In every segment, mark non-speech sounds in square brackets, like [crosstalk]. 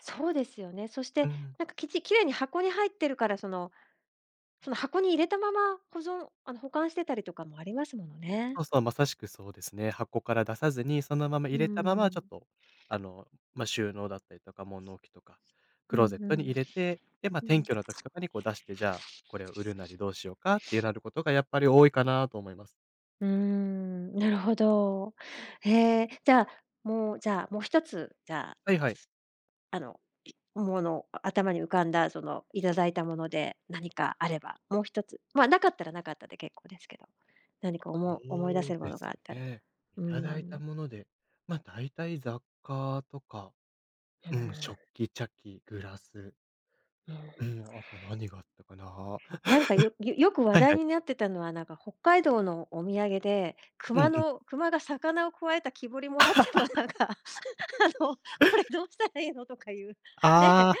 そうですよね。そしうてん。何かきち綺麗に箱に入ってるからその、その箱に入れたまま保存あの保管してたりとかもありますものね。そうそう、まさしくそうですね、箱から出さずに、そのままう入ーれたまま、ちょっん。と、あの、ま、収納だったりとか、物置きとか、うクんローゼッうトにん、入れて、で、ま、うん。転居の時とかにこう出して、じゃあ、これを売るなりどうしようかっていうなることがやっぱり多いかなと思います。うーん、なるほど。ええ、じゃあ、もうじゃあ、もう1つじゃあ。はいはい。あの、うものあ頭に浮かんだその頂いたもので、何かあれば、もう1つ、まあ、無かったら無かったで結構ですけど。何かおそも思い出せうるもでのがすあったらね。うー頂いたん。もので、まあ、大体雑貨とか、うーうん、食ん。器、茶器、グラスうーうん。ん、あと何があったかな。なんか、よよよ [chuckles] く話はいは題い。になってたのは、なんか北海道のお土産で、う熊んうん。の熊が魚をくわえた木彫り貰ってもなんか、あ [laughs] のこれどうしたらいいのとかいうね。ああ。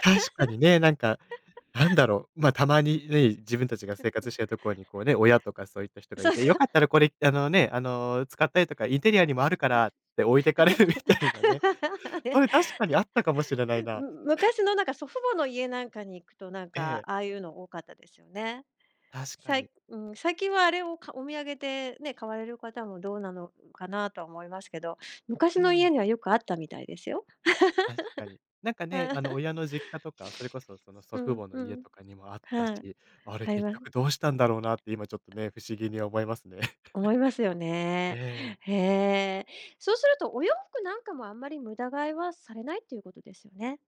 確かにね、なんか、なんだろう、ま、たまにね、自分たちが生活してるところ [laughs] に、こうね、親とかそういった人がそいうて、よそ。かったらこれ、あの、ね、あの、使ったりとか、インテリアにもあるからって置いてかれるみたいなね。それ確 [laughs] かにあったかもしれないな。む昔 [chuckles] のなんか祖父母の家なんかに行くと、なんえかえ。ああいうの多かったですよね？確かさに。いうーん、最近はあれをかお土産で、ね、買われる方もどうなのかなとは思いますけど、昔うの家ん。にはよくあったみたいですよ。確かに。なんかね、あの親 [laughs] の実家とか、それこそ、その祖う父ん母のう家ん、とかにもあったはい、し、あれあり結ます。局どうしたんだろうなって今ちょっとね、不思議に思いますね。思いますよ [chuckles] ね。ええ。へえ。そうするとお洋服なんかもあんまり無駄買いはされないっていうことですよね。